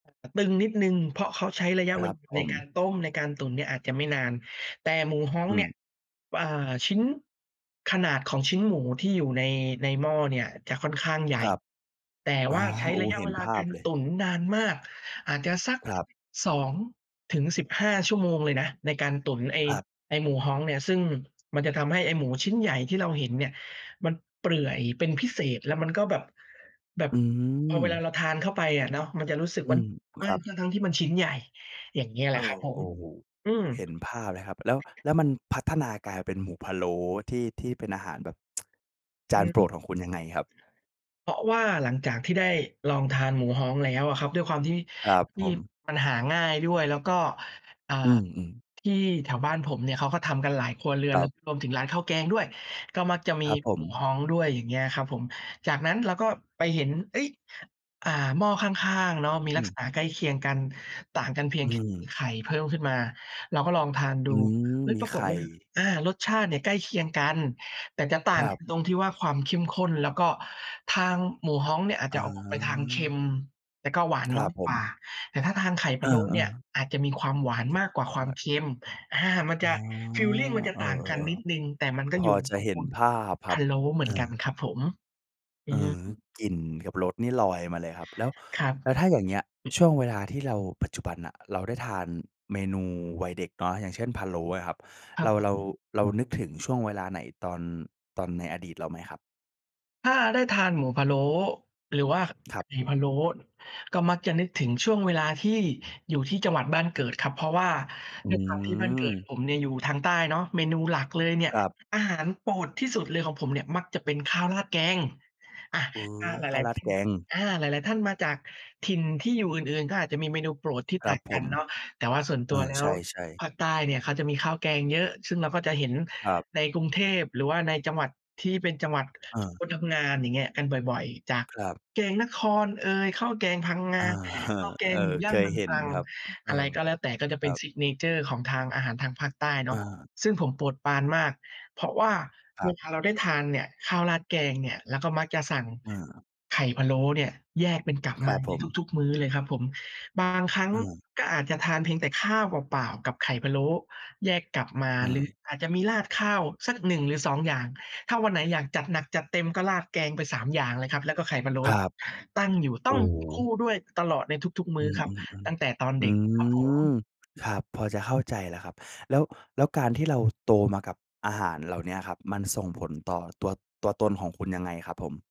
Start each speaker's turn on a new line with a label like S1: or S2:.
S1: ตึงนิดหนึ่ง เพราะเขาใช้ระยะ
S2: ค
S1: เ
S2: ร
S1: ว
S2: ับ
S1: ลา
S2: ผ
S1: ในกา
S2: ม
S1: รต้ม ในการตุ๋นเนี่ยอาจจะไม่นาน แต่หมูฮ้อ
S2: อ
S1: งเ
S2: ื
S1: นี่ย
S2: ม
S1: ป อ่า ชิ้น ขนาดของชิ้นหมูที่อยู่ใน ในหม้อเนี่ยจะค่อนข้างใหญ
S2: ค
S1: ่
S2: รับ
S1: แต่
S2: อ
S1: ว
S2: ๋อ
S1: ่าใช้
S2: โอ้
S1: ร
S2: โฮ
S1: ะยะ
S2: เห
S1: เ
S2: ็
S1: ว
S2: น
S1: ลา
S2: ภ
S1: ก
S2: า
S1: า
S2: พ
S1: ร
S2: เล
S1: ต
S2: ย
S1: ุ๋นนานมาก อาจจะสัก
S2: ครับ
S1: 2-15 ชั่วโมงเลยนะ ในการตุ๋น ไอ้
S2: ครับ
S1: ไอ้หมูฮ้องเนี่ย ซึ่งมันจะทำให้ไอ้หมูชิ้นใหญ่ที่เราเห็นเนี่ย มันเปื่อย เป็นพิเศษ แล้วมันก็แบบ แบบ
S2: อื
S1: พอเวลา
S2: ม
S1: เราทานเข้าไปอะเนาะ มันจะรู้สึก
S2: อื
S1: ว่า
S2: ม
S1: ว
S2: ค
S1: ่า
S2: รับ
S1: ทั้ง ๆ ที่มันชิ้นใหญ่ อย่างเงี้ยแห
S2: เ
S1: ล
S2: อ
S1: ะคร
S2: อ
S1: ับผ
S2: โอ
S1: ม
S2: ้โฮ
S1: อืม
S2: เห็นภาพเลยครับ แล้ว แล้วมันพัฒนากลายเป็นหมูพะโล้ที่ ที่เป็นอาหารแบบ จ
S1: อ
S2: า
S1: ื
S2: น
S1: ม
S2: โปรดของคุณยังไงครับ?
S1: เพราะว่าหลังจากที่ได้ลองทานหมูฮ้องแล้วอะครับ ด้วยความที่
S2: ครับ
S1: ท
S2: ผ
S1: ี่
S2: ม
S1: มันหาง่ายด้วย แล้วก็ อ่า
S2: อืม ๆ
S1: ที่แถวบ้านผมเนี่ย เขาก็ทำกันหลายครัวเรื
S2: ค
S1: อน
S2: ร
S1: แ
S2: ั
S1: ล้ว
S2: บ
S1: รวมถึงร้านข้าวแกงด้วย ก็มักจะมี
S2: ครับผ
S1: หมู
S2: ม
S1: ฮ้องด้วย อย่างเงี้ยครับผม จากนั้นเราก็ไปเห็น เอ๊ย อ่า หม้อข้าง ๆ เนาะ มี
S2: อ
S1: ลัก
S2: ืม
S1: ษณะใกล้เคียงกัน ต่างกันเพีย
S2: อื
S1: ง ค
S2: ม
S1: ไข่พะโล้ขึ้นมา เราก็ลองทาน
S2: อ
S1: ดู
S2: ืม
S1: เฮ้ย
S2: มี
S1: ปรา
S2: ไข
S1: กฏ
S2: ่
S1: ว่า อา รสชาติเนี่ยใกล้เคียงกัน แต่จะต่
S2: ค
S1: าง
S2: รั
S1: ค
S2: บ
S1: ตรงที่ว่า ความเข้มข้น แล้วก็ทางหมูฮ้องเนี่ยอาจ
S2: อ๋
S1: จะออกไปทางเค็
S2: อ
S1: ม แล้วก็หวาน
S2: คร
S1: น้
S2: ั
S1: อ
S2: บ
S1: ย
S2: ผ
S1: กว่
S2: ม
S1: า แต่ถ้าทางไข่
S2: เ
S1: พ
S2: อ
S1: ะโล้เนี
S2: อ
S1: ่ย
S2: ๆ
S1: อาจจะมีความหวานมากกว่าความเค็ม อา มัน
S2: อ
S1: จ
S2: ๋อ
S1: ะ ฟีลลิงมันจะ
S2: เออ
S1: ต่างกันนิดหนึ
S2: ๆ
S1: ่ง แต่มัน
S2: ๆ
S1: ก็
S2: พ
S1: อย
S2: อ
S1: ู่
S2: จะ
S1: ตระ
S2: เห
S1: ก
S2: ็น
S1: ูล
S2: ภาพคร
S1: พ
S2: ั
S1: ะ
S2: บ
S1: โล้เหม
S2: เ
S1: ื
S2: อ
S1: อนกัน
S2: อ
S1: ครับผม อ
S2: เอ
S1: ื
S2: อ
S1: อ
S2: กลิ่นกับรสนี่ลอยมาเลยครับ แล้ว
S1: ครั
S2: แล้วถ้
S1: บ
S2: าอย่างเงี้ย ช่วงเวลาที่เรา ปัจจุบันน่ะ เราได้ทานเมนูวัยเด็กเนาะ อย่างเช่น พะโล้นะครับ
S1: คร
S2: เ
S1: ั
S2: ร
S1: บ
S2: า
S1: ผ
S2: เรา
S1: ม
S2: เรานึกถึงช่วงเวลาไหนตอน ตอนในอดีตเราไหมครับ?
S1: ถ้าได้ทานหมูพะโล้หรือว่า
S2: คร
S1: ไ
S2: ั
S1: ข
S2: บ
S1: ่พะโล้ ก็มักจะนึกถึงช่วงเวลาที่อยู่ที่จังหวัดบ้านเกิดครับ เพราะว่า
S2: อื
S1: ด้วยความที่บ้านเกิด
S2: ม
S1: ผมเนี่ยอยู่ทางใต้เนาะ เมนูหลักเลยเนี่ย
S2: ครับ
S1: อาหารโปรดที่สุดเลยของผมเนี่ย มักจะเป็นข้าวราดแกง อะ
S2: เป๋
S1: อา
S2: อ
S1: หล
S2: ข้าว
S1: าย
S2: รา
S1: ๆ ท
S2: ด
S1: ่า
S2: แก
S1: น
S2: ง
S1: อา หลาย ๆ ท่านมาจากถิ่นที่อยู่อื่น ๆ ก็อาจจะมีเมนูโปรดที่
S2: คร
S1: ต
S2: ั
S1: ่า
S2: บ
S1: ง
S2: ผ
S1: กัน
S2: ม
S1: เนาะ แต่ว่าส่วน
S2: เ
S1: ต
S2: อ
S1: ัว
S2: อ
S1: แล้
S2: ใช
S1: ว
S2: ่ ๆ
S1: ภาคใต้เนี่ยเขาจะมีข้าวแกงเยอะ ซึ่งเราก็จะเห็น
S2: ครับ
S1: ในกรุงเทพ หรือว่าในจังหวัดที่เป็นจังหวัด
S2: เ
S1: ค
S2: ออ
S1: นทำงาน อย่างเงี้ยกันบ่อย ๆ จาก
S2: ครับ
S1: แกงนครเอย ข้าวแกงพังง
S2: เออ
S1: า
S2: เออ
S1: ข้าวแก
S2: เอ
S1: ง
S2: อ
S1: หมูย
S2: เค
S1: ่างเม
S2: ย
S1: ือง
S2: เห็
S1: ต
S2: น
S1: รัง
S2: ครับ เอ
S1: อ
S2: อ
S1: ะไรก็แล้วแต่ ก็
S2: ค
S1: เป
S2: ร
S1: ็
S2: ั
S1: น
S2: บ
S1: ซิกเนเชอร์ ของทางอาหารทางภาคใต้เน
S2: อ
S1: าะ
S2: า
S1: ซึ่งผมโปรดปรานมาก เพราะว่า
S2: คร
S1: เว
S2: ับ
S1: ลาเราได้ทานเนี่ย ข้าวราดแกงเนี่ย เราก็มักจะสั่ง
S2: อา
S1: ไข่พะโล้เนี่ย แยกเป็นกับ
S2: ค
S1: ม
S2: รั
S1: า
S2: บผ
S1: ใน
S2: ม
S1: ทุก ๆ มื้อเลยครับผม บางครั้ง
S2: อือ
S1: ก็อาจจะทานเพียงแต่ข้าวเปล่า ๆ กับไข่พะโล้แยกกับมา
S2: อื
S1: หรือ
S2: ม
S1: อาจจะมีราดข้าวสัก 1 หรือ 2 อย่าง ถ้าวันไหนอยากจัดหนัก จัดเต็มก็ราดแกงไป 3 อย่างเลยครับ แล้วก็ไข่พะโล้
S2: ครับ
S1: ตั้งอยู่ ต
S2: โ
S1: ้
S2: อ
S1: อง
S2: ้โ
S1: คู่
S2: ฮ
S1: ด้วยตลอดในทุก ๆ ม
S2: อื
S1: ื้อครับ
S2: ม
S1: ต
S2: ๆ
S1: ั้งแต่ตอน
S2: ๆ อื
S1: เด็กครับผ
S2: ม
S1: ม
S2: ครับ พอจะเข้าใจแล้วครับ แล้ว แล้วการที่เรา โตมากับอาหารเหล่าเนี้ยครับ มันส่งผลต่อตัว ตัวตนของคุณยังไงครับผม?